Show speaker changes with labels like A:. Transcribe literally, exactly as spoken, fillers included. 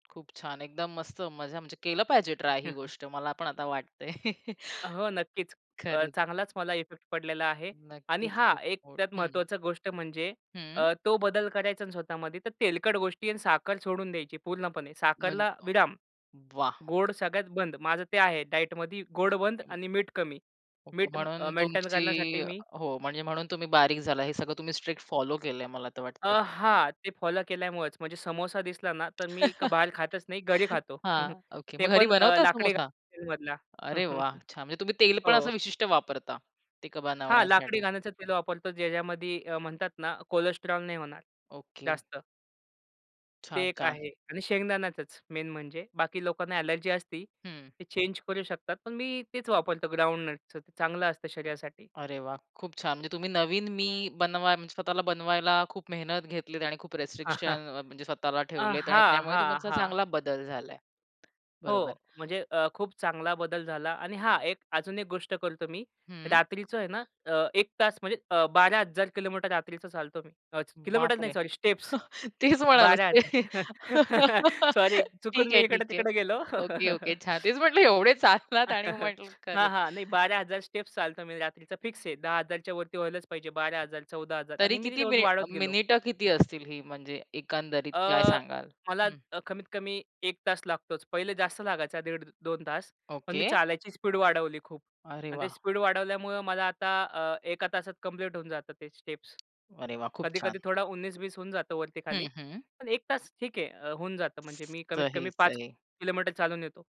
A: खूप छान. एकदम मस्त मजा म्हणजे केलं पाहिजे ट्राय ही गोष्ट. मला पण आता वाटतंय.
B: हो, नक्कीच अ,
A: खरंच.
B: चांगलाच मला इफेक्ट पडलेला आहे आणि
A: नक्कीच,
B: हां, एक
A: खूप
B: त्यात
A: [unintelligible] हं.
B: महत्वाची गोष्ट म्हणजे
A: हं.
B: अ, तो बदल करायचा आहे ना स्वतःमध्ये तर तेलकट गोष्टी आणि साखर सोडून द्यायची पूर्णपणे.
A: म्हण
B: साखरला विराम,
A: [unintelligible] वाह!
B: गोड सगळ्यात बंद. माझं ते आहे डायटमध्ये गोड बंद
A: ओके.
B: आणि मीठ कमी.
A: ओके.
B: मीठ अ,
A: म्हणून
B: मेंटेन
A: तुमची
B: करण्यासाठी मी,
A: हो, म्हणजे म्हणून तुम्ही बारीक झाला हे सगळं तुम्ही स्ट्रिक्ट फॉलो केलंय मला तर
B: अ,
A: वाटतंय.
B: हां. ते फॉलो केल्यामुळेच म्हणजे समोसा दिसला ना, तर मी का बाहेर खातच नाही, घरी खातो.
A: हां, ओके
B: ते
A: मग घरी
B: पण अ,
A: बनवता समोसा?
B: लाकडीघानीतील तेलमधला.
A: अरे वाह! छान, म्हणजे तुम्ही तेल पण
B: हो.
A: असं विशिष्ट वापरता, तिकं
B: हां, लाकडी
A: बनवण्यासाठी.
B: घाण्याचं तेल वापरतो. ज्या ज्यामध्ये अ, म्हणतात ना कोलेस्ट्रॉल नाही होणार
A: ओके.
B: जास्त. ते
A: छान,
B: एक
A: छान.
B: आहे आणि शेंगदाण्याचच मेन म्हणजे बाकी लोकांना अ‍ॅलर्जी असती,
A: हं.
B: ते चेंज करू शकतात, पण मी तेच वापरतो ग्राउंडनटचं. ते चांगलं असतं शरीरासाठी.
A: अरे वाह! खूप छान. म्हणजे तुम्ही नवीन मी बनवायला, म्हणजे स्वतःला बनवायला खूप मेहनत घेतलीत आणि खूप रिस्ट्रिक्शन अ, म्हणजे स्वतःला
B: अ,
A: ठेवलेत आणि
B: हां,
A: त्यामुळे
B: हां,
A: तुमचा
B: हां.
A: चांगला बदल झालाय.
B: हो,
A: बरोबर.
B: म्हणजे अ, खूप चांगला बदल झाला आणि हां. एक अजून एक गोष्ट करतो मी
A: हं.
B: रात्रीचं आहे ना, अ, एक तास म्हणजे अ, बारा हजार किलोमीटर रात्रीच चालतो मी. अ, किलोमीटर नाही,
A: बापरे!
B: सॉरी. स्टेप्स
A: तेच म्हणालास,
B: बारा
A: ते
B: हजार सॉरी! चुकून
A: ठीक
B: मी
A: आहे, ठीक आहे.
B: इकडे-तिकडे गेलो.
A: Okay, okay. छान, तेच म्हंटलं एवढे चाललात आणि म्हंटलं
B: हां,
A: खरंच.
B: हां, नाही बारा हजार स्टेप्स चालतो मी रात्रीचा फिक्स आहे. दहा हजारच्यावरती व्हायलाच पाहिजे, बारा हजार, चौदा हजार
A: तरी
B: आणि मी ती
A: किती
B: रोज
A: मिनि
B: वाढवत गेलो.
A: मिनिटं किती असतील ही म्हणजे एकंदरीत काय
B: अ,
A: सांगाल?
B: मला
A: हं.
B: अ, कमीत कमी एक तास लागतोच. पहिले जास्त लागायचा, दीड, दोन तास. पण मी
A: ओके.
B: चालायची स्पीड वाढवली खूप
A: अरे
B: आणि ते
A: वाह!
B: स्पीड वाढवल्यामुळं मला आता अ, एका तासात कंप्लीट होऊन जातं ते स्टेप्स
A: अरे वाह! खूप
B: कधी-कधी
A: छान.
B: थोडा उन्नीस-बीस होऊन जातं
A: हं,
B: वरती-खाली.
A: हं.
B: पण एक तास ठीक आहे अ, होऊन जातं. म्हणजे मी कमीत
A: सही,
B: कमी पाच
A: सही.
B: किलोमीटर चालून येतो.